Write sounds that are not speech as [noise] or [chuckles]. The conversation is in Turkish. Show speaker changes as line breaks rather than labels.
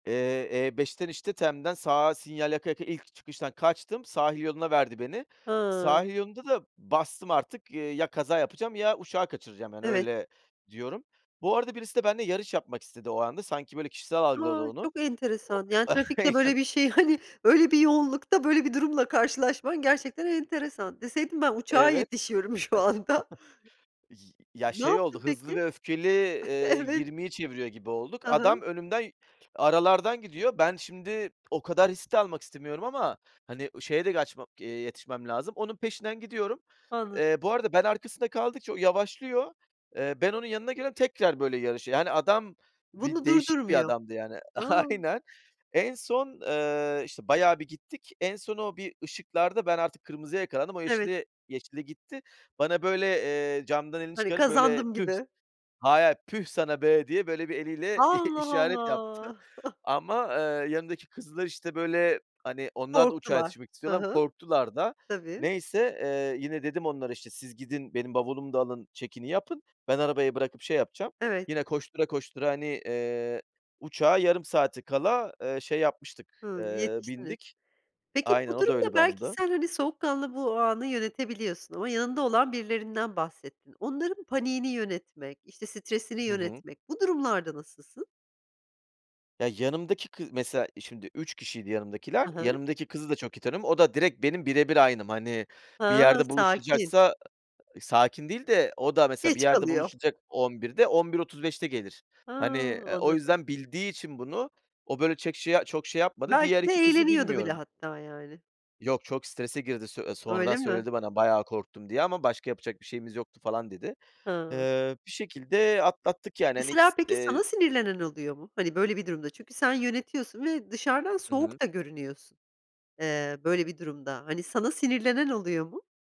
Eee, E5'ten işte TEM'den sağa sinyal yaka yaka ilk çıkıştan kaçtım. Sahil yoluna verdi beni.
Ha.
Sahil yolunda da bastım artık, eee, kaza yapacağım ya uçağı kaçıracağım, yani,
Evet.
öyle diyorum. Bu arada birisi de benle yarış yapmak istedi o anda sanki böyle kişisel algıladı
A,
onu.
çok
O
enteresan, yani, trafikte böyle bir
[chuckles]
şey, hani, öyle bir yoğunlukta böyle bir durumla karşılaşman gerçekten enteresan. Deseydin ben uçağa
Evet. [chuckles]
yetişiyorum şu anda.
Y ya
Ne
şey oldu,
yaptın
"Hızlı
peki?
ve Öfkeli" eee,
Evet.
20'yi çeviriyor gibi olduk.
Hı
Adam
hı.
önümden aralardan gidiyor. Ben şimdi o kadar riskte almak istemiyorum ama, hani, şeye de gaçma eee, yetişmem lazım. Onun peşinden gidiyorum.
Anladım.
Eee, bu arada ben arkasında kaldıkça o yavaşlıyor. Eee, ben onun yanına geliyorum tekrar böyle yarışıyor. Yani, adam bir
Bunu
değişik bir
durdurmuyor.
adamdı, yani.
A!
Aynen. En son, eee, işte, bayağı bir gittik. En son o bir ışıklarda ben artık kırmızıya yakalandım. O
Evet.
yeşile yeşille geçti gitti. Bana böyle, eee, camdan elini
Hani
çıkarıp böyle
kazandım
tüh.
gibi.
Hayır hayır, püh sana be diye böyle bir eliyle [chuckles] i
Allah
işaret yaptı
Allah! [chuckles]
ama, eee, yanımdaki kızlar işte, böyle, hani, onlar da uçağa
Korktular.
yetişmek
Hı
istiyorlar.
hı.
Korktular da
Tabii.
neyse, eee, yine dedim onlara, işte, siz gidin benim bavulumu da alın check-in'i yapın. Ben arabayı bırakıp şey yapacağım.
Evet.
Yine koştura, koştura, hani, eee, uçağa yarım saati kala, eee, şey yapmıştık,
Hı.
eee,
Yetiştiniz.
bindik.
Peki
Aynen
bu
o da
durumda
öyle bir
belki
anımdı.
sen hani soğukkanlı bu anı yönetebiliyorsun ama yanında olan birilerinden bahsettin. Onların paniğini yönetmek, işte stresini
Hı hı.
yönetmek bu durumlarda nasılsın?
Ya yanımdaki kı mesela şimdi 3 kişiydi yanımdakiler.
Hı hı.
Yanımdaki kızı da çok iyi tanıyorum. O da direk benim birebir aynım. Hani, bir
Ha.
yerde
Sakin.
buluşacaksa a a sakin değil de o da mesela bir
Geç
yerde
kalıyor.
buluşacak 11.00'de, 11.35'te gelir.
Ha,
Hani, eee, o
anladım.
yüzden bildiği için bunu o böyle çek şey, çok şey yapmadı. Diğer
Belki de
2 kızı
eğleniyordu bile
bilmiyorum.
hatta, yani.
Yok çok strese girdi sö sonradan
Öyle mi?
söyledi bana, "Bayağı korktum" diye "Ama başka yapacak bir şeyimiz yoktu" falan dedi.
Hıı.
Eee bir şekilde atlattık yani hani
Mesela
ikis
peki sana
eee
sinirlenen oluyor mu? Hani, böyle bir durumda, çünkü sen yönetiyorsun ve dışarıdan
Hı hı.
soğuk da görünüyorsun, eee, böyle bir durumda. Hani sana sinirlenen oluyor mu?